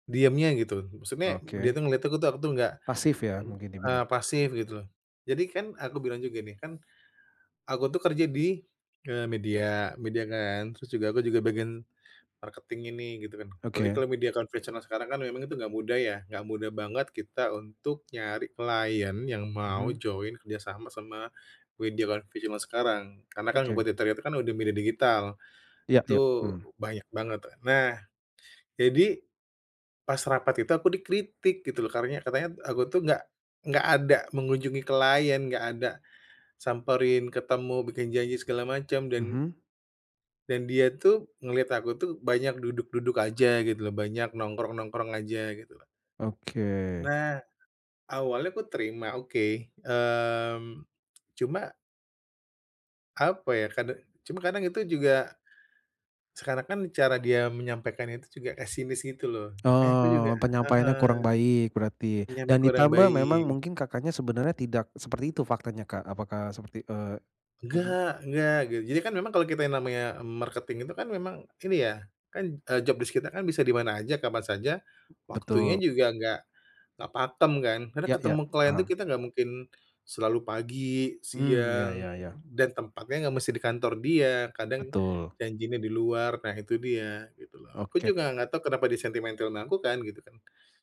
Diamnya, gitu. Maksudnya, dia Oke. tuh ngeliat aku tuh aku tuh enggak Pasif ya, ng mungkin dia pikir. eee, pasif gitu, lho. Jadi kan aku bilang juga nih, kan aku tuh kerja di, eee, media media kan. Terus juga aku juga bagian marketing-in nih gitu, kan. Apalagi Oke. kalau media konvensional sekarang kan memang itu nggak mudah, ya. Nggak mudah banget kita untuk nyari klien yang mau Mhm. join kerjasama sama media konvensional zaman sekarang. Karena kan Oke. kompetitornya itu kan udah media digital. Iya Itu iya, mmm. banyak banget. Nah, jadi, pas rapat itu aku dikritik gitu, loh. Karanya katanya, aku tuh nggak nggak ada mengunjungi klien, nggak ada, samperin, ketemu, bikin janji segala macam. Dan Mhm. dan dia tuh, ngeliat aku tuh, banyak duduk-duduk aja gitu, lho. Banyak nongkrong-nongkrong aja, gitulah. Oke. Nah, awalnya aku terima, oke, mmm, cuma apa ya, kada cuma kadang itu juga, sekarang kan cara dia menyampaikan itu juga pesimis gitu loh. Makanya aku juga Oh, penyampaiannya heeh. kurang baik berarti. Dan Penyampaian kurang ditambah memang baik. mungkin Kakaknya sebenarnya tidak seperti itu faktanya, Kak. Apakah seperti, eee benar? Nggak nggak, gitu. Jadi kan memang kalau kita yang namanya marketing itu kan memang ini ya, kan, eee, job desc kita kan bisa di mana aja, kapan saja, waktunya Betul. juga nggak nggak pakem, kan. Karena Ya ya, ketemu klien tuh paham. kita nggak mungkin selalu pagi, Mmm, ya siang, ya ya. dan tempatnya nggak mesti di kantor dia. Kadang, Betul. janji nih di luar. Nah, itu dia gitu, lho. Aku Oke. juga nggak tahu kenapa dia sentimentil ama aku kan gitu, kan.